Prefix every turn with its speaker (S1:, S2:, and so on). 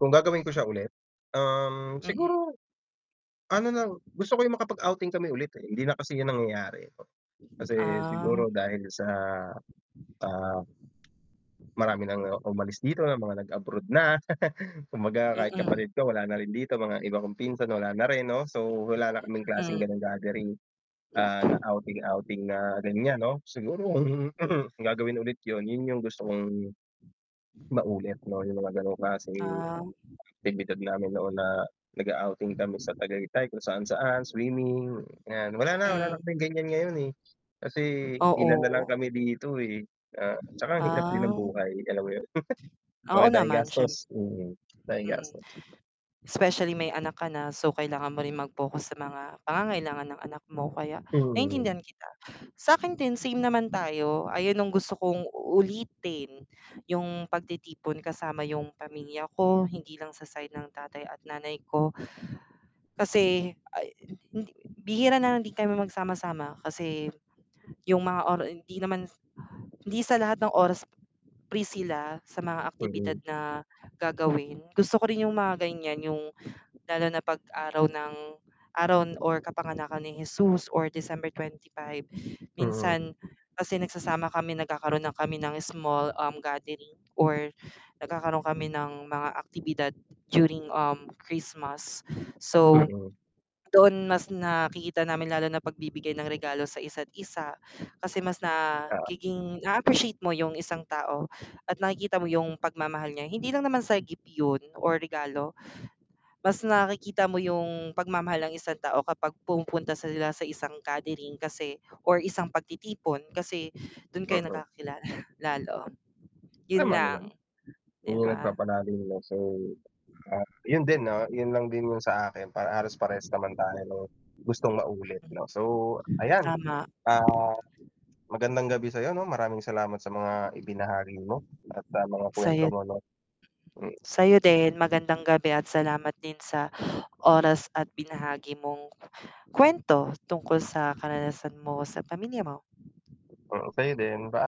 S1: Kung gagawin ko siya ulit, um,
S2: Mm.
S1: siguro ano na gusto ko 'yung makapag-outing kami ulit, eh, hindi na kasi 'yun nangyayari, po, kasi
S2: Ah.
S1: siguro dahil sa, ah, marami ng umalis dito, ng mga nag-abroad na, kumbaga kahit
S2: Mm.
S1: kapatid ko wala na rin dito, mga iba kong pinsan wala na rin, 'no, so wala na kaming klaseng
S2: Mm.
S1: gano'ng gathering, ah, na outing outing na ganiyan, 'no. Siguro kung gagawin ulit 'yun, 'yun 'yung gusto kong, maulit 'no 'yung mga gano'ng klaseng
S2: Um
S1: aktibidad namin noon na nag-a-outing kami sa Tagaytay, kung saan-saan, swimming, 'yan. Wala na wala na
S2: Mm.
S1: kaming ganiyan ngayon, eh. Kasi ilan nalang
S2: Oo.
S1: kami dito, eh, ah, tsaka ang hirap din ng
S2: Ang.
S1: buhay, alam mo 'yon.
S2: Oo
S1: Oo, dahil
S2: naman, siyem
S1: gastos, mm, daming
S2: mm.
S1: gastos.
S2: Specially may anak ka na, so kailangan mo rin mag-focus sa mga pangangailangan ng anak mo, kaya
S1: Mm.
S2: naiintindihan kita. Sa'kin din, same naman tayo, ayun 'yung gusto kong ulitin, 'yung pagtitipon kasama 'yung pamilya ko, hindi lang sa side ng tatay at nanay ko. Kasi, ah, hin hindi bihira na lang din kami magsama-sama, kasi 'yung mga ora hindi naman s hindi sa lahat ng oras free sila, sa mga aktibidad
S1: Mm.
S2: na gagawin. Gusto ko rin 'yung mga ganiyan, 'yung lalo na 'pag araw ng araw or kapanganakan ni Hesus or December twenty-five,
S1: Mm.
S2: minsan kasi nagsasama kami, nagkakaroon na kami ng small, um, gathering or nagkakaroon kami ng mga aktibidad during, um, Christmas. So
S1: Mm.
S2: doon mas nakikita namin lalo na pagbibigay ng regalo sa isa't isa, kasi mas
S1: Oo.
S2: nagiging naa appreciate mo 'yung isang tao at nakikita mo 'yung pagmamahal niya, hindi lang naman sa gift 'yun o regalo. Mas nakikita mo 'yung pagmamahal ng isang tao, kapag pumupunta sila sa isang gathering kasi or isang pagtitipon, kasi do'n kayo
S1: Mm.
S2: nagkakilala lalo. 'Yun
S1: Tama naman,
S2: lang, di
S1: 'yung
S2: ba?
S1: nagpapalim ng so, ah, 'yun din 'no, 'yun lang din 'yung sa akin para halos parehas naman tayo ng gustong maulit 'no. So ayan,
S2: Tama.
S1: ah, magandang gabi sa'yo 'no. Maraming salamat sa mga ibinahagi mo at, ah, mga kuwento
S2: Sa'yo.
S1: mo 'no, hmm.
S2: Sa'yo din magandang gabi. At salamat din sa oras at binahagi mong kuwento, tungkol sa karanasan mo sa pamilya mo.
S1: Mm, sa'yo din, by